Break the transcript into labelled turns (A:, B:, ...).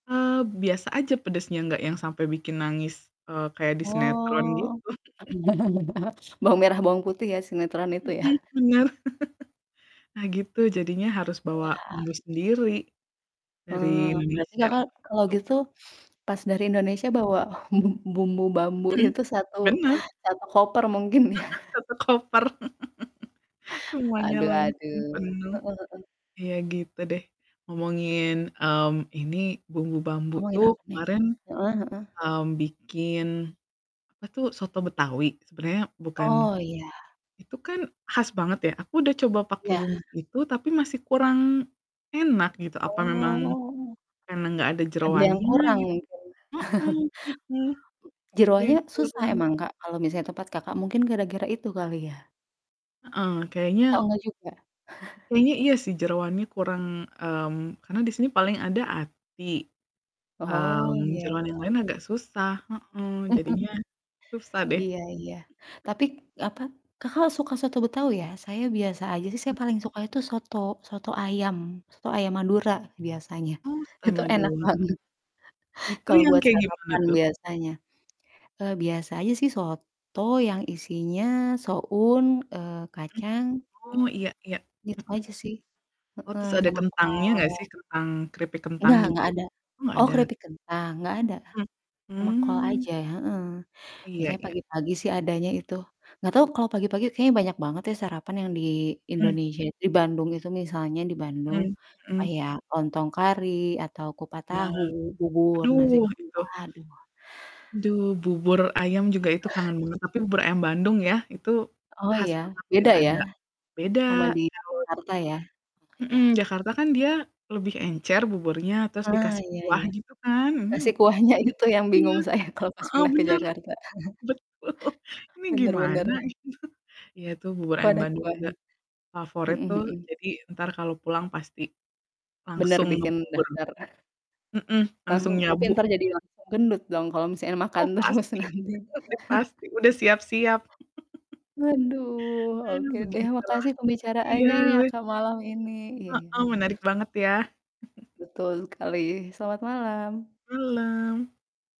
A: Eee, biasa aja pedasnya nggak yang sampe bikin nangis, eee, kayak di sinetron,
B: Oh.
A: gitu.
B: Bawang merah bawang putih ya, sinetron itu ya?
A: Mhm, bener. Nah gitu, jadinya harus bawa bumbu
B: Wah.
A: sendiri,
B: Eee,
A: dari
B: berarti
A: Indonesia,
B: Kakak kalau
A: gitu.
B: gitu, pas dari Indonesia bawa bum bumbu Bamboe
A: Mhm,
B: itu 1
A: bener.
B: 1 koper mungkin, ya?
A: Heeh, 1 koper, semuanya
B: Aduh
A: langsung
B: aduh.
A: penuh,
B: Heeh heeh.
A: ya gitu deh. Ngomongin, mmm, ini, Bumbu Bamboe
B: Ngomongin
A: tuh
B: apa nih?
A: kemarin,
B: Heeh heeh.
A: mmm, bikin, apa tuh, soto betawi, sebenernya bukan
B: Oh, iya.
A: itu kan khas banget ya, aku udah coba pakai
B: Iya.
A: bumbu itu tapi masih kurang enak, gitu, apa memang
B: Oh.
A: karena nggak ada
B: Ada yang
A: jeroannya,
B: kurang,
A: gitu?
B: mungkin.
A: Heeh heeh. Ada yang
B: Jeroannya susah
A: kurang
B: emang Kak, kalau misalnya tempat Kakak mungkin kira-kira itu kali ya?
A: Heeh,
B: Atau,
A: kayaknya
B: nggak juga?
A: kayaknya iya sih, jeroannya kurang, mmm, karena di sini paling ada hati,
B: Oh,
A: mmm,
B: iya
A: jeroan yang
B: iya.
A: lain agak susah heeh.
B: Mhm.
A: Jadinya, susah deh.
B: Iya iya, tapik apa Kakak suka soto Betawi, ya? Saya biasa aja sih, saya
A: Mmm.
B: paling suka itu soto soto ayam, soto ayam Madura, biasanya.
A: Oh, soto
B: Itu enak
A: Madura.
B: banget
A: Itu,
B: kalau
A: yang
B: buat
A: kayak gimana
B: sarapan,
A: tuh?
B: biasanya. Eee, biasa aja sih soto
A: Mhm.
B: yang isinya soun, eee,
A: Mhm.
B: kacang
A: Oh,
B: [unintelligible]
A: Iya iya.
B: gitu
A: Mhm.
B: aja sih.
A: Oh,
B: Heeh,
A: terus ada
B: sama
A: kentangnya nggak
B: kol.
A: sih? Kentang keripik kentang,
B: Nggak,
A: gitu?
B: nggak ada.
A: Oh, nggak
B: Oh,
A: ada?
B: keripik kentang? Nggak ada,
A: Mmm
B: ama kol
A: mmm.
B: aja heeh.
A: Iya
B: Biasanya
A: iya.
B: pagi-pagi sih adanya itu, nggak tau kalo pagi-pagi kayaknya banyak banget ya, sarapan yang di
A: Mmm.
B: Indonesia it di Bandung itu misalnya di Bandung.
A: Mhm mhm.
B: Kayak, lontong kari atau kupat
A: Bener.
B: tahu, bubur, nasi,
A: Aduh,
B: [unintelligible]
A: itu
B: aduh.
A: Duh, bubur ayam juga itu kangen banget, tapi bubur ayam Bandung ya, itu
B: Oh
A: khas
B: ya,
A: banget yang
B: beda ya,
A: ada beda.
B: sama di
A: [unintelligible]
B: Jakarta ya? Oh,
A: Mhm,
B: ya.
A: Jakarta kan dia lebih encer buburnya, terus
B: Ah,
A: dikasih
B: iya
A: kuah,
B: iya.
A: gitu kan. Mhm,
B: Dikasih kuahnya itu yang
A: iya.
B: bingung saya kalau pas
A: Heeh,
B: pindah ke
A: bener.
B: Jakarta.
A: Betul ini
B: Bener
A: gimana,
B: bener.
A: gitu. Iya itu bubur
B: Kok
A: ayam
B: ada
A: Bandung juga
B: kuahnya?
A: favorit
B: Mhm
A: tuh,
B: mhm.
A: jadi entar kalau pulang pasti
B: Bener,
A: langsung
B: bikin
A: ngebubur.
B: daftar.
A: Mhm, langsung
B: Langsung tapi
A: nyabu.
B: entar jadi langsung gendut dong, kalau misalnya makan
A: Oh,
B: terus
A: pasti.
B: nanti.
A: Udah pasti, udah siap-siap.
B: Aduh,
A: Aduh,
B: oke deh
A: begitulah.
B: makasih
A: Iya,
B: pembicaraanya nih ya
A: we
B: Kak, malam ini. Iya iya.
A: Heeh, menarik banget ya.
B: Betul sekali, selamat malam.
A: Malam.